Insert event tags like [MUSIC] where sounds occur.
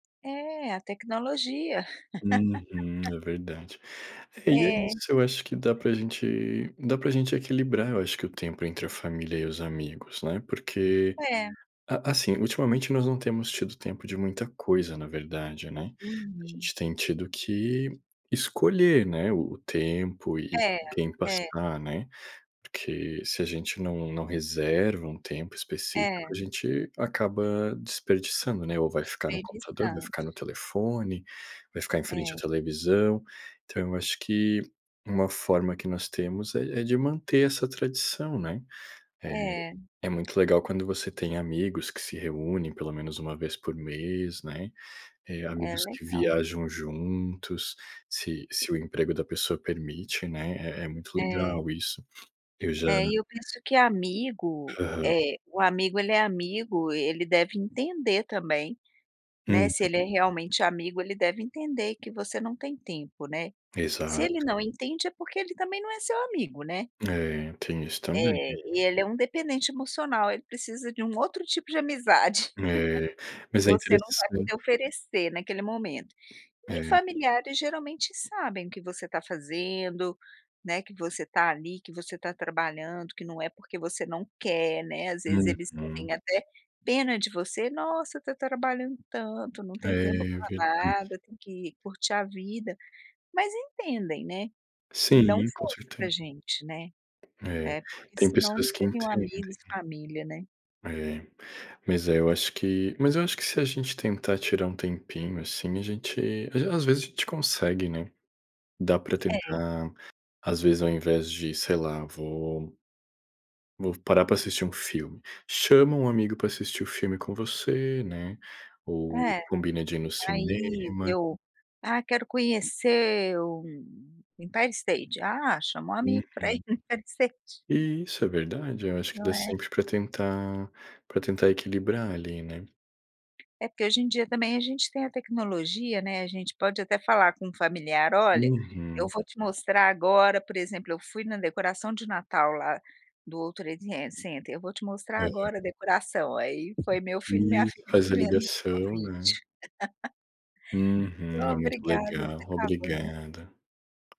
É. A tecnologia. Uhum. [LAUGHS] É verdade. É, e, é É. isso eu acho que dá pra gente dá pra gente equilibrar, eu acho que o tempo entre a família e os amigos, né, porque, É. a assim, ultimamente, nós não temos tido tempo de muita coisa na verdade, né. A Uhum. gente tem tido que escolher, né, o tempo e É, quem é. passar, né, porque se a gente não não reserva um tempo específico, É. a gente acaba desperdiçando, né, ou vai ficar no computador, vai Desperdiçando. ficar no telefone, vai ficar em frente à É. televisão. Então, eu acho que, uma forma que nós temos é é de manter essa tradição, né. Eh, É. é muito legal quando você tem amigos que se reúnem pelo menos 1 vez por mês, né, eh, É amigos que legal. viajam juntos, se se o emprego da pessoa permite, né, é é muito É. legal isso. Eu já É. E, eu penso que amigo, Aham. eh, o amigo, ele é amigo, ele deve entender, também, né, Uhum. se ele é realmente amigo ele deve entender que você não tem tempo, né. Se ele Exato. não entende é porque ele também não é seu amigo, né. É. Tem isso, também. É. E, ele é um dependente emocional, ele precisa de um outro tipo de amizade. É. [CHUCKLES] E, Mas, é você não vai interessante poder oferecer, naquele momento, e É. familiares, geralmente, sabem o que você tá fazendo, né, que você tá ali, que você tá trabalhando, que não é porque você não quer, né. Às vezes, eles Uhum. sentem, até, pena de você, nossa, tá trabalhando tanto, não tem tempo É, pra verdade. nada, tem que curtir a vida, mas entendem, né, e dão Sim. Com força pra certeza. gente, né É, É porque, tem senão não pessoas que seriam entendem. amigos e família, né. É. Mas, é, eu acho que mas eu acho que, se a gente tentar tirar um tempinho, assim, a gente às v às vezes, a gente consegue, né. Dá pra É. tentar, às vezes, ao invés de, sei lá, vou vou parar pra assistir um filme. Chama um amigo pra assistir o filme com você, né, ou É. combina de ir no Aí, cinema. eu "Ah, quero conhecer o Empire State", ah, chama o Uhum. amigo pra ir no Empire State. Isso. É verdade. Eu, acho que Não dá é? sempre pra tentar pra tentar equilibrar, ali, né. É porque, hoje em dia, também, a gente tem a tecnologia, né, a gente pode, até, falar com um familiar: "Olha, eu Uhum. vou te mostrar agora, por exemplo, eu fui na decoração de Natal, lá, do World Trade Center, eu vou te mostrar, Aham. agora, a decoração". Aí, foi meu filho e minha Isso. filha Faz me a vendo no ligação, né. vídeo. [LAUGHS] Uhum. É muito Obrigada, legal. tá acabando. Obrigada.